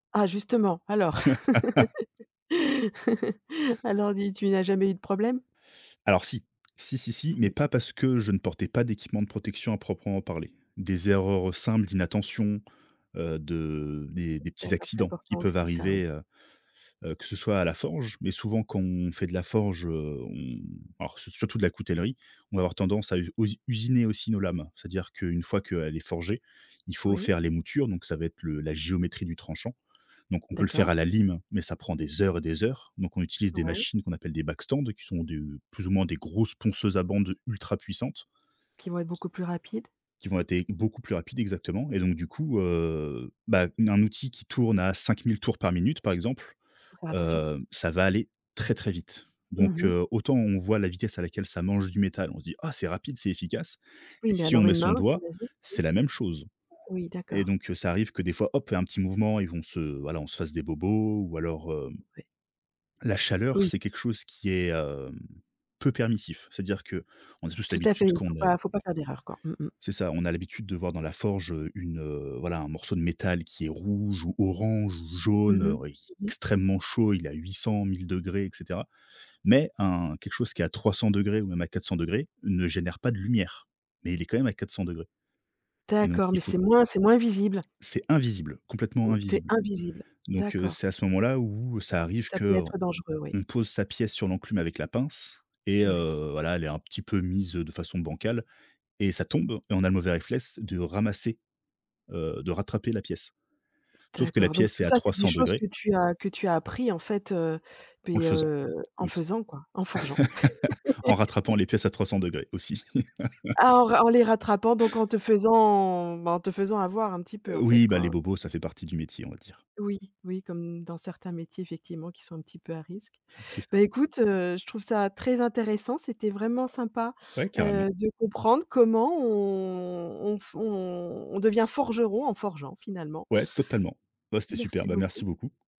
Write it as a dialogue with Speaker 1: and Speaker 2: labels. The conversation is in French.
Speaker 1: Ah, justement, alors, alors dis, tu n'as jamais eu de problème?
Speaker 2: Alors si, si, si, si, mais
Speaker 1: Si.
Speaker 2: pas parce que je ne portais pas d'équipement de protection, à proprement parler. Des erreurs, heu, simples d'inattentions, heu, de des des petits
Speaker 1: D'accord, c'est
Speaker 2: accidents qui
Speaker 1: important
Speaker 2: peuvent
Speaker 1: aussi, ça, hein.
Speaker 2: arriver, heu heu, que ce soit à la forge, mais souvent quand on fait de la forge, heu, on alors, c'est surtout de la coutellerie, on va avoir tendance à ou u usiner aussi nos lames. C'est-à-dire qu'une fois qu'elle est forgée, il faut
Speaker 1: Oui.
Speaker 2: faire l'émouture, donc ça va être le la géométrie du tranchant donc, on peut le faire
Speaker 1: D'accord.
Speaker 2: à la lime, mais ça prend des heures et des heures, donc on utilise des
Speaker 1: Ouais.
Speaker 2: machines qu'on appelle des backstands qui sont de plus ou moins des grosses ponceuses à bandes ultra puissantes
Speaker 1: Qui vont être beaucoup plus rapides.
Speaker 2: qui vont être et, beaucoup plus rapides, exactement, et donc du coup, heu, bah, un outil qui tourne à 5 000 tours par minute, par exemple,
Speaker 1: Faut faire attention.
Speaker 2: heu, ça va aller très, très vite
Speaker 1: Mmh
Speaker 2: donc,
Speaker 1: mh.
Speaker 2: heu, autant, on voit la vitesse à laquelle ça mange du métal, on se dit: «Oh, c'est rapide, c'est efficace»
Speaker 1: Oui,
Speaker 2: et
Speaker 1: mais
Speaker 2: si on
Speaker 1: alors,
Speaker 2: met
Speaker 1: une
Speaker 2: son
Speaker 1: main,
Speaker 2: doigt,
Speaker 1: j'imagine, oui.
Speaker 2: c'est la même chose
Speaker 1: Oui,
Speaker 2: et
Speaker 1: d'accord.
Speaker 2: donc, heu, ça arrive que, des fois, hop! On fait un petit mouvement et on se voilà, on se fasse des bobos ou alors, heu,
Speaker 1: Ouais.
Speaker 2: la chaleur,
Speaker 1: Oui.
Speaker 2: c'est quelque chose qui est, hem, peu permissif. C'est-à-dire qu'on a tous
Speaker 1: Tout à fait,
Speaker 2: l'habitude
Speaker 1: il ne
Speaker 2: qu'on
Speaker 1: faut
Speaker 2: ne
Speaker 1: pas faut pas faire d'erreur, quoi. Mmh mh.
Speaker 2: C'est ça, on a l'habitude de voir dans la forge, heu, une voilà, un morceau de métal qui est rouge ou orange, ou
Speaker 1: Mmh
Speaker 2: jaune,
Speaker 1: mh.
Speaker 2: oui, qui
Speaker 1: Mmh mh.
Speaker 2: extrêmement chaud. Il est à 800-1000°, et cetera, mais un quelque chose qui est à 300° ou même à 400° ne génère pas de lumière, mais il est quand même à 400° et donc
Speaker 1: D'accord, mais
Speaker 2: il faut
Speaker 1: c'est moins c'est moins visible.
Speaker 2: C'est invisible, complètement
Speaker 1: Mmh. C'est
Speaker 2: invisible.
Speaker 1: invisible,
Speaker 2: Donc, heu,
Speaker 1: d'accord.
Speaker 2: c'est à ce moment-là où, heu, ça arrive
Speaker 1: Ça peut
Speaker 2: qu'on
Speaker 1: être dangereux, oui.
Speaker 2: on pose sa pièce sur l'enclume avec la pince et
Speaker 1: Eh oui.
Speaker 2: heu, voilà, elle est un petit peu mise, heu, de façon bancale et ça tombe et on a le mauvais réflexe de ramasser, heu de rattraper la pièce. Sauf que la
Speaker 1: D'accord, donc
Speaker 2: pièce
Speaker 1: tout
Speaker 2: est à
Speaker 1: ça,
Speaker 2: trois
Speaker 1: c'est des
Speaker 2: cent
Speaker 1: choses
Speaker 2: degrés
Speaker 1: que tu as que tu as appris, en fait, heu,
Speaker 2: En le
Speaker 1: beh,
Speaker 2: faisant,
Speaker 1: heu, en
Speaker 2: oui.
Speaker 1: faisant quoi, en forgeant.
Speaker 2: En rattrapant les pièces à 300°, aussi.
Speaker 1: Ah, en ra en les rattrapant, donc en te faisant, bah, en te faisant avoir un petit peu,
Speaker 2: Heu,
Speaker 1: en fait,
Speaker 2: oui, bah, les
Speaker 1: quoi.
Speaker 2: bobos, ça fait partie du métier, on va dire.
Speaker 1: Oui, oui, comme dans certains métiers, effectivement, qui sont un petit peu à risques.
Speaker 2: C'est ça.
Speaker 1: Beh, écoute, heu, je trouve ça très intéressant, c'était vraiment sympa,
Speaker 2: Ouais,
Speaker 1: heu,
Speaker 2: carrément.
Speaker 1: de comprendre comment on on f on on devient forgeron en forgeant, finalement.
Speaker 2: Ouais, totalement. Beh, c'était super,
Speaker 1: Merci
Speaker 2: bah, merci
Speaker 1: beaucoup.
Speaker 2: beaucoup.